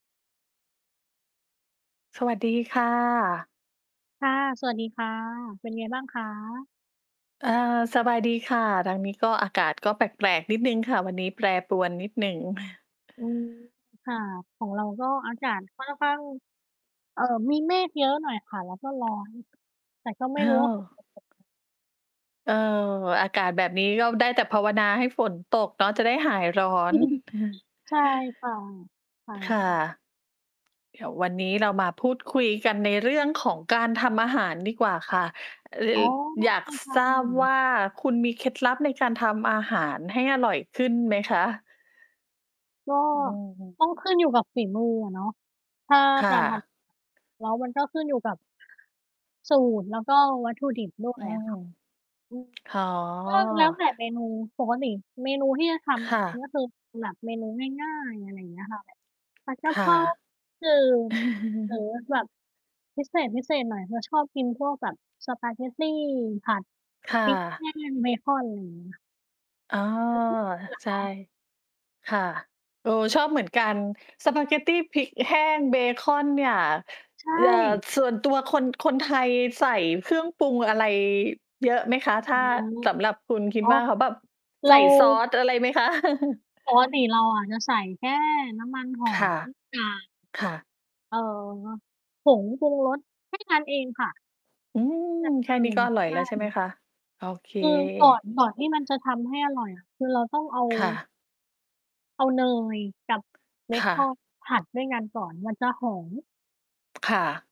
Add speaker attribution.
Speaker 1: สวัสดีค่ะ
Speaker 2: ค่ะ สวัสดีค่ะ เป็นไงบ้างคะ?
Speaker 1: เออ สบายดีค่ะ ทางนี้ก็อากาศก็แปลก ๆ นิดหนึ่งค่ะ วันนี้ แปรปรวนนิดหนึ่ง
Speaker 2: อืม ค่ะ ของเราก็อากาศ ค่อนข้าง เอ่อ มีเมฆเยอะหน่อยค่ะ แล้วก็ร้อน แต่ก็ไม่รู้ว่า ฝน
Speaker 1: เออ
Speaker 2: จะตกไหม?
Speaker 1: เออ อากาศแบบนี้ ก็ได้แต่ภาวนาให้ฝนตกเนาะ จะได้หายร้อน
Speaker 2: ใช่ค่ะ ค่
Speaker 1: ค่ะ
Speaker 2: ะ
Speaker 1: เดี๋ยว วันนี้เรามาพูดคุยกันในเรื่องของการทำอาหารดีกว่าค่ะ ล
Speaker 2: อ๋อ ได้
Speaker 1: อยาก
Speaker 2: เลยค่
Speaker 1: ทราบว
Speaker 2: ะ
Speaker 1: ่า คุณมีเคล็ดลับในการทำอาหารให้อร่อยขึ้นไหมคะ?
Speaker 2: ก็
Speaker 1: อืม
Speaker 2: ต้องขึ้นอยู่กับฝีมืออะเนาะ ถ้า
Speaker 1: ค่
Speaker 2: การท
Speaker 1: ะ
Speaker 2: ำ แล้วมันก็ขึ้นอยู่กับ สูตรแล้วก็วัตถุดิบ ด้
Speaker 1: อ
Speaker 2: ว
Speaker 1: ื
Speaker 2: ยอะ
Speaker 1: ม
Speaker 2: ค่ะ อืม
Speaker 1: อ๋อ
Speaker 2: ก็แล้วแต่เมนู ปกติเมนูที่จะ ท
Speaker 1: ค่ะ
Speaker 2: ำ ก็คือแบบเมนูง่าย ๆ อะไรอย่างเงี้ย ค่ะ ผัด ก
Speaker 1: ค
Speaker 2: ะเพ
Speaker 1: ่ะ
Speaker 2: รา จืด หรือ แบบพิเศษ ๆ หน่อย เราชอบกินพวกแบบสปาเกตตีผัด
Speaker 1: ค่
Speaker 2: พริก แ
Speaker 1: ะ
Speaker 2: ห้ง เบคอน ไร เงี้ย
Speaker 1: อ๋อ
Speaker 2: แล้วทุบเปลือก
Speaker 1: ใ
Speaker 2: เ
Speaker 1: ช
Speaker 2: หร
Speaker 1: ่
Speaker 2: อ?
Speaker 1: ค่ะ เออ ชอบเหมือนกัน สปาเกตตีพริกแห้งเบคอน เนี่ย
Speaker 2: ใช
Speaker 1: เอ่อ
Speaker 2: ่
Speaker 1: ส่วนตัวคน คนไทยใส่เครื่องปรุงอะไรเยอะไหมคะ? ถ
Speaker 2: อา
Speaker 1: ้า สำหรับคุณ คิ
Speaker 2: อ
Speaker 1: ด
Speaker 2: ๋อ
Speaker 1: ว่า เ
Speaker 2: ค
Speaker 1: ข
Speaker 2: ่
Speaker 1: า
Speaker 2: ะ
Speaker 1: แบบ
Speaker 2: เ
Speaker 1: ใ
Speaker 2: ร
Speaker 1: ส
Speaker 2: า
Speaker 1: ่ซอสอะไรไหมคะ?
Speaker 2: ปกติเราอะจะใส่แค่น้ำมัน ห
Speaker 1: ค
Speaker 2: อย
Speaker 1: ่ะ
Speaker 2: กับ
Speaker 1: ค่ะ
Speaker 2: เอ่อ ผงปรุงรส แค่ นั้นเอง ค่ะ
Speaker 1: อืม
Speaker 2: อย่าง
Speaker 1: แค
Speaker 2: อ
Speaker 1: ่
Speaker 2: ื่
Speaker 1: นี้
Speaker 2: น
Speaker 1: ก็อร
Speaker 2: ใ
Speaker 1: ่
Speaker 2: ช
Speaker 1: อย
Speaker 2: ่
Speaker 1: แล้วใช่ไหมคะ? โอเค
Speaker 2: คือก่อน ก่อนที่มันจะทำให้อร่อยอะ คือเราต้องเอา
Speaker 1: ค่ะ
Speaker 2: เอาเนยกับเบ
Speaker 1: ค่
Speaker 2: คอ
Speaker 1: ะ
Speaker 2: นผัดด้วยกันก่อน มันจะหอม
Speaker 1: ค่ะ